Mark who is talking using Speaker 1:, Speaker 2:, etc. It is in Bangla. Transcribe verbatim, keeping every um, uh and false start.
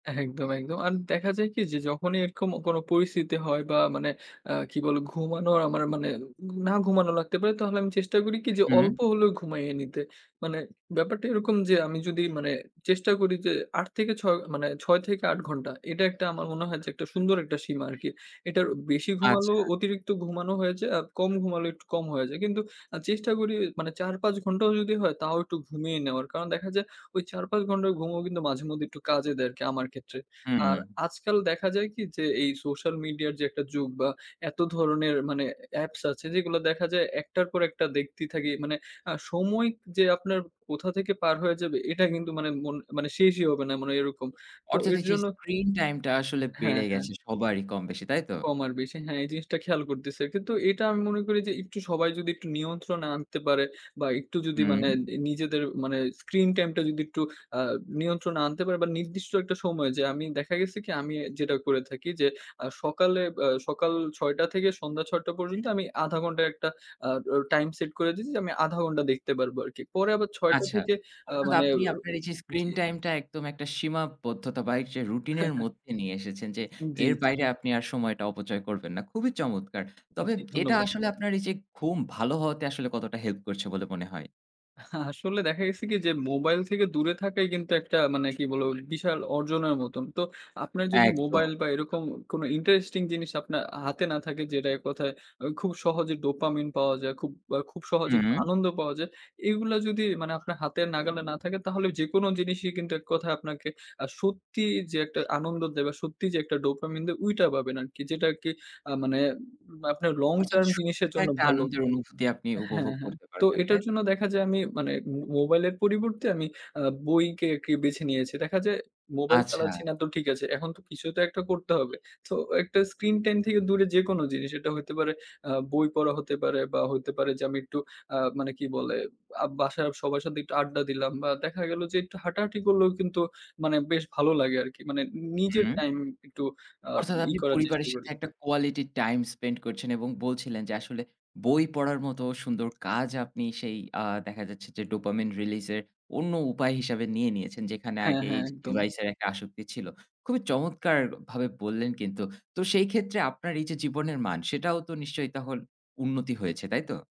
Speaker 1: একদম, একদম। আর দেখা যায় কি যে, যখনই এরকম কোন পরিস্থিতি হয় বা, মানে আ কি বলে? ঘুমানো আমার মানে না ঘুমানো লাগতে পারে। তাহলে আমি চেষ্টা করি কি যে
Speaker 2: হু, হুম।
Speaker 1: অল্প হলেও ঘুমাইয়ে নিতে। মানে ব্যাপারটা এরকম যে আমি যদি মানে চেষ্টা করি যে আট থেকে ছয় মানে ছয় থেকে আট ঘন্টা, এটা একটা আমার মনে হয় যে একটা সুন্দর একটা সীমা আরকি। এটার বেশি ঘুমালেও
Speaker 2: আচ্ছা।
Speaker 1: অতিরিক্ত ঘুমানো হয়ে যায়। আর কম ঘুমালো একটু কম হয়ে যায়। কিন্তু আ চেষ্টা করি মানে চার, পাঁচ ঘন্টাও যদি হয়, তাও একটু ঘুমিয়ে নেওয়ার। কারণ দেখা যায় ওই চার, পাঁচ ঘন্টা ঘুমও কিন্তু মাঝেমধ্যে একটু কাজে দেয় আরকি আমার ক্ষেত্রে। আর
Speaker 2: হুম।
Speaker 1: আজকাল দেখা যায় কি যে, এই সোশ্যাল মিডিয়ার যে একটা যুগ বা, এত ধরনের মানে এ অ্যাপস আছে, যেগুলো দেখা যায় একটার পর একটা দেখতেই থাকি। মানে আ সময় যে আপনার কোথা থেকে পার হয়ে যাবে, এটা কিন্তু মানে মন মানে শেষই হবে না। মানে এরকম। তো
Speaker 2: অর্থাৎ,
Speaker 1: এর
Speaker 2: এইযে
Speaker 1: জন্য
Speaker 2: স্ক্রিন টাইমটা আসলে
Speaker 1: হ্যাঁ,
Speaker 2: বেড়ে
Speaker 1: হ্যাঁ।
Speaker 2: গেছে সবারই, কম বেশি। তাই তো?
Speaker 1: কম আর বেশি। হ্যাঁ, এই জিনিসটা খেয়াল করতেছে। কিন্তু এটা আমি মনে করি যে একটু সবাই যদি একটু নিয়ন্ত্রণে আনতে পারে বা, একটু যদি মানে
Speaker 2: হুম।
Speaker 1: নি নিজেদের মানে স্ক্রিন টাইমটা যদি একটু আ নিয়ন্ত্রণে আনতে পারে বা, নির্দিষ্ট একটা সময় যে, আমি দেখা গেছে কি আমি যেটা করে থাকি যে আ সকালে বা সকাল ছয় টা থেকে সন্ধ্যা ছয় টা পর্যন্ত আমি আধা ঘন্টা একটা আ দ টাইম সেট করে দিছি যে, আমি আধা ঘন্টা দেখতে পারবো আরকি। পরে আবার ছয় টা
Speaker 2: আচ্ছা।
Speaker 1: থেকে আ
Speaker 2: অর্থাৎ,
Speaker 1: মানে অ
Speaker 2: আপনি আপনার এইযে স্ক্রিন
Speaker 1: জি।
Speaker 2: টাইমটা একদম একটা সীমাবদ্ধতাবাহিক যে রুটিনের মধ্যে নিয়ে এসেছেন যে,
Speaker 1: জি,
Speaker 2: এর
Speaker 1: জি।
Speaker 2: বাইরে আপনি আর সময়টা অপচয় করবেন না। খুবই চমৎকার। তবে
Speaker 1: জি,
Speaker 2: এটা
Speaker 1: ধন্যবাদ।
Speaker 2: আসলে আপনার এইযে ঘুম ভালো হওয়াতে আসলে কতটা হেল্প করছে বলে মনে হয়?
Speaker 1: আ আসলে দেখা গেছে কি যে, মোবাইল থেকে দূরে থাকাই কিন্তু একটা মানে কি বলবো? বিশাল অর্জনের মতন। তো আপনার যদি
Speaker 2: একদম।
Speaker 1: মোবাইল বা, এরকম কোন ইন্টারেস্টিং জিনিস আপনার আ হাতে না থাকে, যেটা এক কথায় আ খুব সহজে dopamine পাওয়া যায়। খুব আ খুব সহজে
Speaker 2: হুম।
Speaker 1: আনন্দ পাওয়া যায়। এগুলা যদি মানে আপনার হাতের নাগালে না থাকে, তাহলে যেকোনো জিনিসই কিন্তু এক কথায় আপনাকে আ সত্যি যে একটা আনন্দ দেয় বা, সত্যি যে একটা dopamine দেয় ওইটা পাবেন আরকি। যেটা আরকি আ মানে আপনার long
Speaker 2: অর্থাৎ
Speaker 1: term
Speaker 2: সুস্থ
Speaker 1: জিনিসের জন্য
Speaker 2: একটা
Speaker 1: ভালো।
Speaker 2: আনন্দের অনুভূতি আপনি উপভোগ
Speaker 1: হ্যাঁ, হ্যাঁ,
Speaker 2: করতে
Speaker 1: তো
Speaker 2: পারবেন,
Speaker 1: এটার
Speaker 2: তাই তো?
Speaker 1: জন্য দেখা যায় আমি মানে ম মোবাইলের পরিবর্তে আমি আ বইকে আরকি বেছে নিয়েছি। দেখা যায় মোবাইল চালাচ্ছি
Speaker 2: আচ্ছা।
Speaker 1: না। তো ঠিক আছে। এখন তো কিছু তো একটা করতে হবে। তো একটা স্ক্রিন টাইম থেকে দূরে যেকোনো জিনিস, এটা হইতে পারে আ বই পড়া হতে পারে বা, হইতে পারে যে আমি একটু আ মানে কি বলে? আ বাসার সবার সাথে একটু আড্ডা দিলাম বা, দেখা গেল যে একটু হাঁটাহাঁটি করলেও কিন্তু মানে বেশ ভালো লাগে আরকি। মানে নি নিজের
Speaker 2: হুম।
Speaker 1: টাইম একটু আ
Speaker 2: অর্থাৎ
Speaker 1: ই
Speaker 2: আপনি
Speaker 1: করার চেষ্টা
Speaker 2: পরিবারের সাথে
Speaker 1: করি।
Speaker 2: একটা quality time spend করছেন এবং বলছিলেন যে আসলে বই পড়ার মতো সুন্দর কাজ আপনি সেই আ দেখা যাচ্ছে যে dopamine release এর অন্য উপায় হিসাবে নিয়ে নিয়েছেন। যেখানে
Speaker 1: হ্যাঁ,
Speaker 2: আগে
Speaker 1: হ্যাঁ,
Speaker 2: এইযে
Speaker 1: একদম।
Speaker 2: ডিভাইসের একটা আসক্তি ছিল। খুবই চমৎকারভাবে বললেন কিন্তু। তো সেইক্ষেত্রে আপনার এইযে জীবনের মান, সেটাও তো নিশ্চয়ই তখন উন্নতি হয়েছে, তাই তো?